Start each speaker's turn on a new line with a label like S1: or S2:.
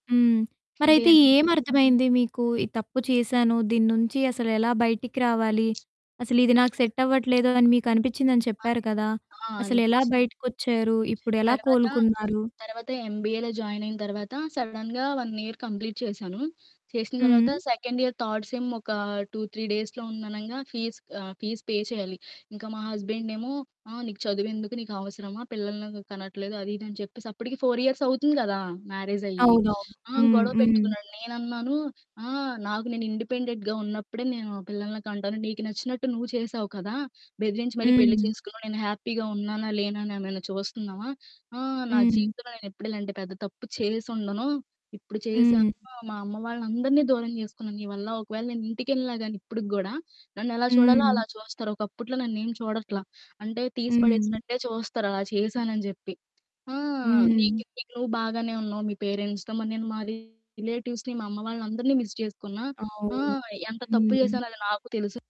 S1: హ్మ్. మరైతే
S2: ఇంకేమి?
S1: ఏమర్థమైంది మీకు? ఈ తప్పు చేశాను. దీని నుంచి అసలెలా బయటికి రావాలి? అసలిది నాకు సెట్టవ్వట్లేదు అని మీకు అనిపిచ్చిందని
S2: అన్
S1: చెప్పారు కదా!
S2: ఆ!
S1: అసలెలా
S2: అనిపిచ్చి
S1: బయటికొచ్చారు? ఇప్పుడెలా
S2: తర్వాత,
S1: కోలుకున్నారు?
S2: తర్వాత ఎంబీఏలో జాయిన్ అయిన తర్వాత సడన్‌గా 1 ఇయర్ కంప్లీట్ చేశాను. చేసిన తర్వాత
S1: హ్మ్.
S2: సెకండ్ ఇయర్ థర్డ్ సెమ్ ఒక 2, 3 డేస్‌లో ఉందనంగా ఫీజ్ ఆహ్, ఫీజ్ పే చేయాలి. ఇంకా మా హస్బెండేమో ఆహ్, "నీకు చదువెందుకు నీకు అవసరమా పిల్లల్నెందుకు కనట్లేదు" అది ఇది అని చెప్పేసి అప్పటికి 4 ఇయర్స్ అవుతుంది గదా! మ్యారేజ్ అయ్యి.
S1: అవునవును.
S2: ఆ!
S1: హ్మ్.
S2: గొడవ
S1: హ్మ్.
S2: పెట్టుకున్నాడు. నేనన్నాను ఆహ్, నాకు నేను ఇండిపెండెంట్‌గా ఉన్నప్పుడే నేను పిల్లల్ని కంటాను. నీకు నచ్చినట్టు నువ్వు చేశావు కదా! బెదిరించి మరి పెళ్ళి
S1: హ్మ్.
S2: చేసుకున్నావు. నేను హ్యాపీగా ఉన్నానా, లేనా అని నన్ను చూస్తున్నావా? ఆ! నా
S1: హ్మ్.
S2: జీవితంలో నేనెప్పుడు ఇలాంటి పెద్ద తప్పు చేసుండను. ఇప్పుడు చేసాను.
S1: హ్మ్.
S2: మా అమ్మ వాళ్ళని అందరిని దూరం జేసుకున్నాను నీ వల్ల. ఒకవేళ నేనింటికెళ్ళినా గానీ ఇప్పటికి గూడా నన్ను ఎలా చూడాలో
S1: హ్మ్.
S2: అలా చూస్తారు. ఒకప్పుట్లా నన్నేమి చూడట్లా అంటే తీసి
S1: హ్మ్.
S2: పడేసినట్టే చూస్తరు అలా చేశానని జెప్పి. ఆ!
S1: హ్మ్.
S2: నీకి నువ్వు బాగానే ఉన్నావు మీ పేరెంట్స్‌తో మరి మా రిలేటివ్స్‌ని, మా అమ్మ వాళ్ళని అందరిని మిస్ జేసుకున్నా. ఆ!
S1: అవును.
S2: ఎంత తప్పు
S1: హ్మ్.
S2: జేసానో అది నాకు తెలుసు.